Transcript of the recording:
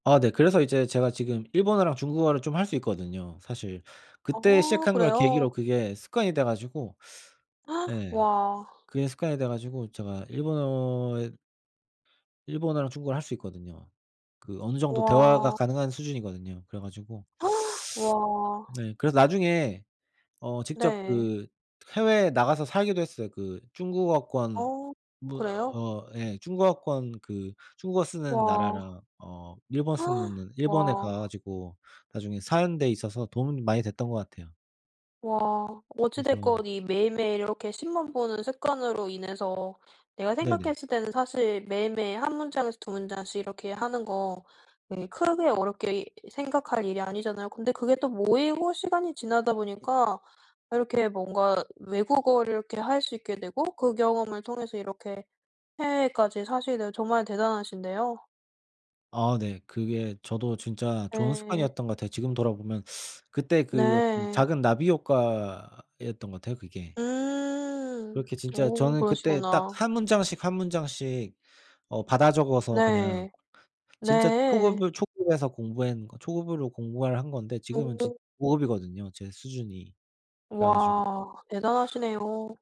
아 네 그래서 이제 제가 지금 일본어랑 중국어를 좀 할 수 있거든요 사실. 그때 어 시작한 걸 그래요? 계기로 그게 습관이 돼 가지고 네 와. 그게 습관이 돼 가지고 제가 일본어에 일본어랑 중국어를 할 수 있거든요. 그 어느정도 대화가 와. 가능한 수준이거든요. 그래 가지고 와. 네 그래서 나중에 어 직접 네. 그 해외에 나가서 살기도 했어요. 그 중국어권 어 뭐 그래요? 어 예 중국어권 그 중국어 쓰는 와. 나라랑 어 일본 쓰느는 일본에 가 와. 가지고 나중에 사는 데 있어서 도움이 많이 됐던 것 같아요. 와. 어찌 그래서 됐건 이 매일매일 이렇게 신문 보는 습관으로 인해서 내가 네네. 생각했을 때는 사실 매일매일 1 문장에서 2 문장씩 이렇게 하는 거 예 크게 어렵게 생각할 일이 아니잖아요. 근데 그게 또 모이고 시간이 지나다 보니까 이렇게 뭔가 외국어를 이렇게 할 수 있게 되고 그 경험을 통해서 이렇게 해외까지 사시게 되고 정말 대단하신데요. 아 네. 그게 저도 진짜 좋은 예. 습관이었던 것 같아요. 지금 돌아 보면 그때 그 어떤 네. 작은 나비 효과였던 것 같아요 그게. 음. 그렇게 진짜 어 저는 그때 딱 그러시구나. 1 문장씩, 1 문장씩 어 받아 적어서 그냥 네. 진짜 네. 초급을 초급에서 공부한 거 초급으로 공부를 한 건데 지금은 지 오. 고급이거든요 제 수준이. 그래 가지고 와 대단하시네요.